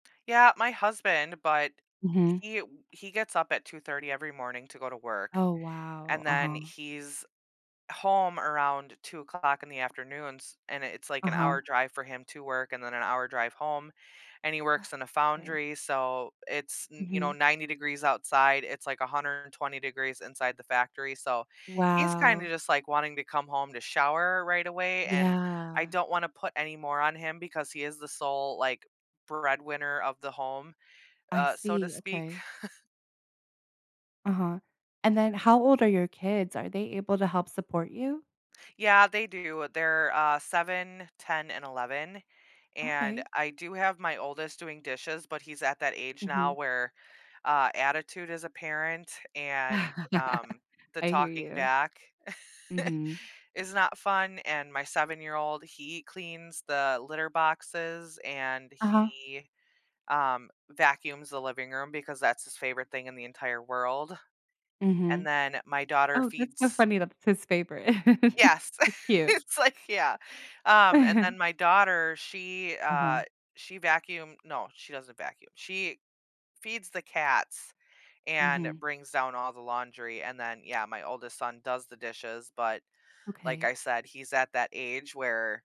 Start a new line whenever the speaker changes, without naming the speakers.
Yeah, my husband, but
Mhm.
he w he gets up at 2:30 every morning to go to work,
Oh, wow.
and then
Uh-huh.
he's home around 2:00 in the afternoons, and it's like an
Uh-huh.
hour drive for him to work and then an hour drive home, and he
Ugh,
works in a
'kay.
foundry, so it's n you know,
Mhm.
90 degrees outside, it's like a 120 degrees inside the factory, so, he's kinda
Wow.
just like wanting to come home to shower right away, and I
Yeah.
don't wanna put any more on him because he is the sole, like, breadwinner of the home,
I
uh, so to
see,
speak.
okay. Uh-huh, and then how old are your kids? Are they able to help support you?
Yeah they do. They're, uh, 7, 10 and 11, and
Okay.
I do have my oldest doing dishes, but he's at that age now
Mhm.
where, uh, attitude is apparent and, um, the
I hear
talking
you.
back,
Mhm.
is not fun, and my 7 year old, he cleans the litter boxes, and
Uh-huh.
he, um, vacuums the living room because that's his favorite thing in the entire world, and
Mhm.
then my daughter
Oh, that's so
feeds
funny, that's his favorite.
Yes.
So cute.
It's like yeah, um, and then my daughter, she,
Uh-huh.
uh, she vacuum no, she doesn't vacuum, she feeds the cats and
Mhm.
brings down all the laundry and then yeah, my oldest son does the dishes, but, like I
Okay.
said, he's at that age where